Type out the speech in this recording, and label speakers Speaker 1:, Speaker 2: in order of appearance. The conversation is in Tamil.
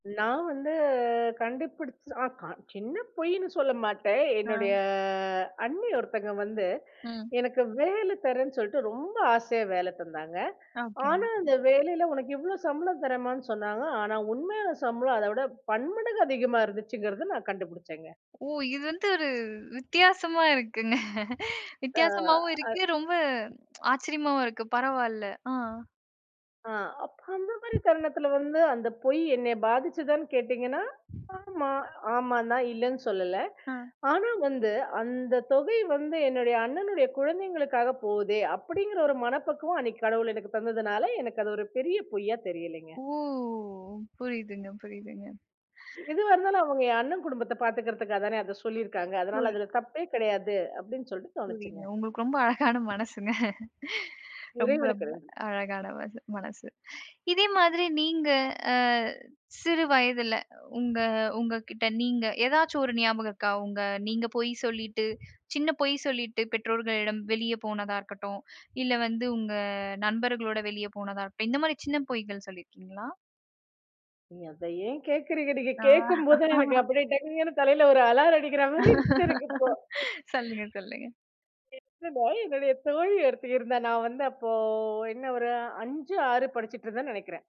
Speaker 1: நான் வந்து கண்டுபிடிச்ச சின்ன பொய்ன்னு சொல்ல மாட்டேன்.
Speaker 2: ஆ.
Speaker 1: என்னுடைய அண்ணி ஒருத்தங்க வந்து
Speaker 2: ம்.
Speaker 1: எனக்கு வேல தர்றேன்னு சொல்ட்டு ரொம்ப ஆசையா வேல தந்தாங்க.
Speaker 2: ஓகே.
Speaker 1: ஆனா அந்த வேலைல "உனக்கு இவ்ளோ சம்பளம் தர்றேன்"மான்னு சொன்னாங்க. ஆனா உண்மையா சம்பளம் அதவிட பன்மடங்கு அதிகமா இருந்துச்சுங்கறத நான் கண்டுபிடிச்சேங்க.
Speaker 2: ஓ! இது வந்து ஒரு வித்தியாசமா இருக்குங்க. வித்தியாசமாவும்
Speaker 1: ஆ.
Speaker 2: இருக்கு, ரொம்ப ஆச்சரியமாவும் இருக்கு, பரவாயில்ல.ஆ.
Speaker 1: ஆ. அப்ப அந்த மாரி தருணத்துல வந்து, "அந்த பொய் என்ன பாதிச்சதான்னு கேட்டீங்கன்னா" ஆமா, ஆமான்தான் இல்லன்னு சொல்லல.
Speaker 2: ஆ.
Speaker 1: ஆனா வந்து, அந்த தொகை வந்து என்னுடைய அண்ணனுடைய குழந்தைங்களுக்காக போகுதே, அப்டிங்கற ஒரு மனப்பக்குவம் அன்னைக்கி கடவுள் எனக்கு தந்ததுனால, எனக்கு அது ஒரு பெரிய பொய்யா தெரியலைங்க.
Speaker 2: ஒ! புரியுதுங்க புரியுதுங்க.
Speaker 1: எதுவா இருந்தாலும் அவங்க என் அண்ணன் குடும்பத்த பாத்துக்கிறதுக்காக தானே, அத சொல்லிருக்காங்க, அதனால அதுல தப்பே கெடையாது அப்டின்னு சொல்லிட்டு தோணுச்சுங்க.
Speaker 2: புரியுதுங்க. உங்களுக்கு ரொம்ப அழகான மனசுங்க ரொம்ப
Speaker 1: இறைவனுக்கு
Speaker 2: ரொம்ப
Speaker 1: நன்றி.
Speaker 2: அழகான மன மனசு. இதே மாதிரி நீங்க சிறுவயதில உங்க, உங்ககிட்ட நீங்க ஏதாச்சும் ஒரு ஞாபகம் இருக்கா? உங்க நீங்க பொய் சொல்லிட்டு, சின்ன பொய் சொல்லிட்டு பெற்றோர்களிடம் வெளிய போனதா இருக்கட்டும், இல்ல வந்து உங்க நண்பர்களோட வெளிய போனதா இருக்கட்டும், இந்த மாரி சின்ன பொய்கள் சொல்லிருக்கீங்களா?
Speaker 1: அத ஏன் கேக்குறீங்க? நீங்க கேட்கும்போதே எனக்கு அப்டியே டங்குன்னு தலைல ஒரு அலாரம் அடிக்ற மாரி இருக்கு எனக்கு இப்போ!
Speaker 2: சொல்லுங்க சொல்லுங்க.
Speaker 1: என்னன்னா, என்னுடைய தோழி ஒருத்தி இருந்தா. நான் வந்து அப்போ என்ன ஒரு 5, 6 படிச்சிட்ருந்தேன்னு நெனைக்றேன்.